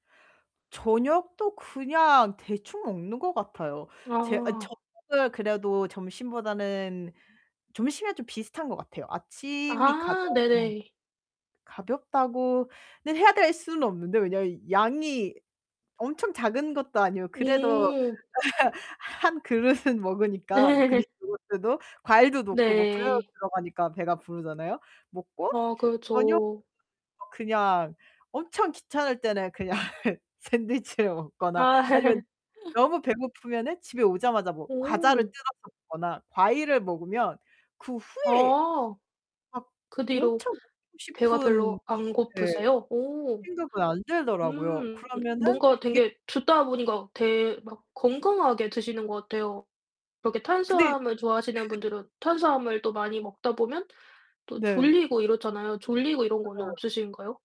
저녁도 그냥 대충 먹는 것 같아요. 제 아 아. 저녁을 그래도 점심보다는 점심이랑 좀 비슷한 것 같아요. 아침이 가장 아 네네. 가볍다고는 해야 될 수는 없는데 왜냐면 양이 엄청 작은 것도 아니고 그래도 음. 1 그릇은 먹으니까 네. 그릭 요거트도 과일도 놓고 뭐 그래놀라도 네. 들어가니까 배가 부르잖아요. 먹고 아 저녁 그렇죠. 그냥 엄청 귀찮을 때는 그냥 샌드위치를 먹거나 아. 아니면 너무 배고프면은 집에 오자마자 뭐 과자를 오. 뜯어서 먹거나 과일을 먹으면 그 후에 아. 막 그 뒤로 엄청 먹고 배가 싶은 별로 안 네 고프세요? 오. 생각은 안 들더라고요. 음 그러면은 뭔가 이게 되게 듣다 보니까 되 막 건강하게 드시는 것 같아요. 그렇게 근데 탄수화물 좋아하시는 분들은 탄수화물 또 많이 먹다 보면 또 네. 졸리고 이렇잖아요. 졸리고 이런 거는 네. 없으신가요?